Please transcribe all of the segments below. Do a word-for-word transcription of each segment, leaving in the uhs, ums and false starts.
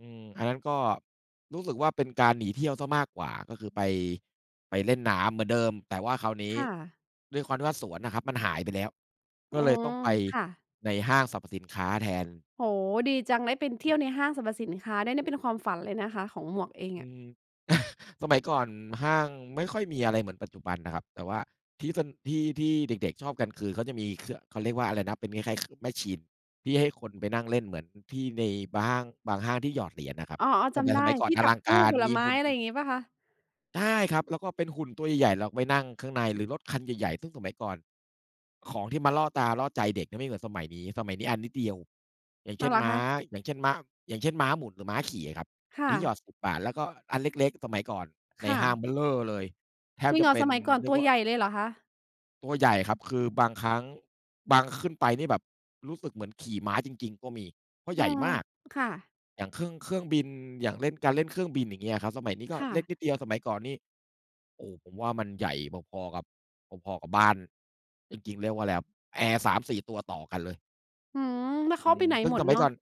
อืม อันนั้นก็รู้สึกว่าเป็นการหนีเที่ยวเสียมากกว่า ก็คือไป ไปเล่นน้ำเหมือนเดิม แต่ว่าคราวนี้ค่ะ ด้วยความที่ว่า สวนอะครับมันหายไปแล้ว กอ็ืเลยม ต้องไปค่ะ ในห้างสรรพสินค้าแทน โอ้ ดีจัง ได้เป็น เทอี่ยืม วในห้างสรรพสินค้าได้เนี่ย เป็นความฝันเลยนะคะ ของหมวกเองอือะ ม สมัยก่อนห้างไม่ค่อยมีอะไรเหมือนปัจจุบันนะครับ แต่ว่าที่เซ็น ที่ ที่เด็ก ๆ ชอบกันคือ เขาจะมีคือ ข เขาเรียกว่า อะไรนะเป็นคล้าย ๆ ค มาชีน ที่ให้คนไปนั่งเล่นเ หมือนที่ในห้างบางห้างที่หยอดเหรียญอะครับ อ๋อ แๆ ตจ่ พ ำได้สมัยก่อทนี่อจัลบังตกู้าร ผลมีไมห้ ุ่น อะไรอย่างงี้เปล่าคะ? ใช่ครับ แล้วก็เป็นหุ่นตัวใหญ่ ๆ เราไปนั่งข้างใน หรือรถคันใหญ่ ๆ ซึ่งสมัยก่อนของที่มันล่อตาล่อใจเด็กเนี่ย มันไม่เหมือนสมัยนี้ สมัยนี้อันนิดเดียว อย่างเอช้า่ว น เหรอม้คา ะ? อย่างเช่น ม อย่างเช่น ม้าหมุน หรือม้าขี่อะครับ คไอ่้ที่หยอด ะ สิบ บาท แล้วก็อันเล็ก ๆ สมัยก่อนใคน่ห้างะ เบ้อเร่อเลย แทจบริงจเะหรอ เป็สน มัยก่อนเรตียักวว่า ใหญ่เลยเหรอคะ? ตัวใหญ่ครับ คือบางครั้ง บาง ขึ้นไปนี่แบบรู้สึกเหมือนขี่ม้าจริง ๆ ก็มีเพราะอใืหญ่ม มาก ค่ะ อย่างเครื่อง เครื่องบิน อย่างเล่น การเล่นเครื่องบิน อย่างเงี้ยอะครับ สมัยนี้ก็ค่เล็กะ นิดเดียว สมัยก่อนนี่ โอ้ ผมว่ามันใหญ่พอ ๆ กับ พอ ๆ กับบ้าน จริง ๆ เรียกว่าอะไรครับ แอร์ สามสี่ ตัวต่อกันเลย อืม แล้วอเืขาไม ปไหนซึ่งหมสดมัเนยาะ? ก่อน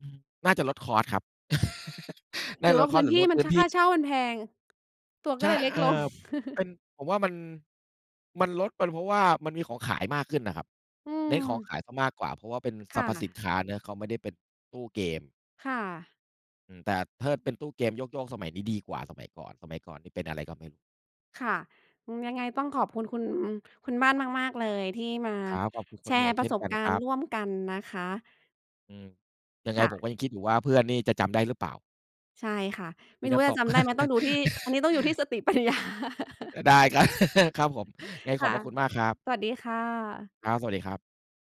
อืม น่าจะลด คอสต์ ครับ น่หารือวล่า ด พคอืสต้์ นหรืทอี่ลดมัพน ืช ้นทคี่่ าเช่ามันแพง ตัวใกช็เ่ ลยเล็กเอ่ลง อ เป็น ผมว่ามัน มันลด เป็นเพราะว่ามันมีของขายมากขึ้นอะครับ อืเนม ้นของขายสักมากกว่าเพราะว่าเป็นคสร่รพสินะ ค้าเนาะ เขาไม่ได้เป็นตู้เกม ค่ะ อืม แต่เทิด เป็นตู้เกม ช่วง ๆ สมัยนี้ดีกว่าสมัยก่อน สมัยก่อนนี่เป็นอะไร ก็ไม่รู้ ค่ะ อ ยังไงต้องขอบคุณ คุณ อ คุณบ้านมาก ๆ เลย ที่มาครับ ขอบคุณคแุชณหมรวก์เปชร่ะนสกบันกาครรณั์บ ร่วมกันนะคะ อืม ยังไคง่ผมะ ก็ยังคิดอยู่ว่า เพื่อนนี่จะจำได หรือเปล่า? ใช่ค่ะ ไมม่ีรูน้้ว่าำตจะก จำได้ไหม ต้องดูที่ อันนี้ต้องอยู่ที่สติปัญญา ได้ครับ ครับผม ยังไงคขอ่บพะ ระคุณมากครับ สวัสดีค่ะ ครับ สวัสดีครับ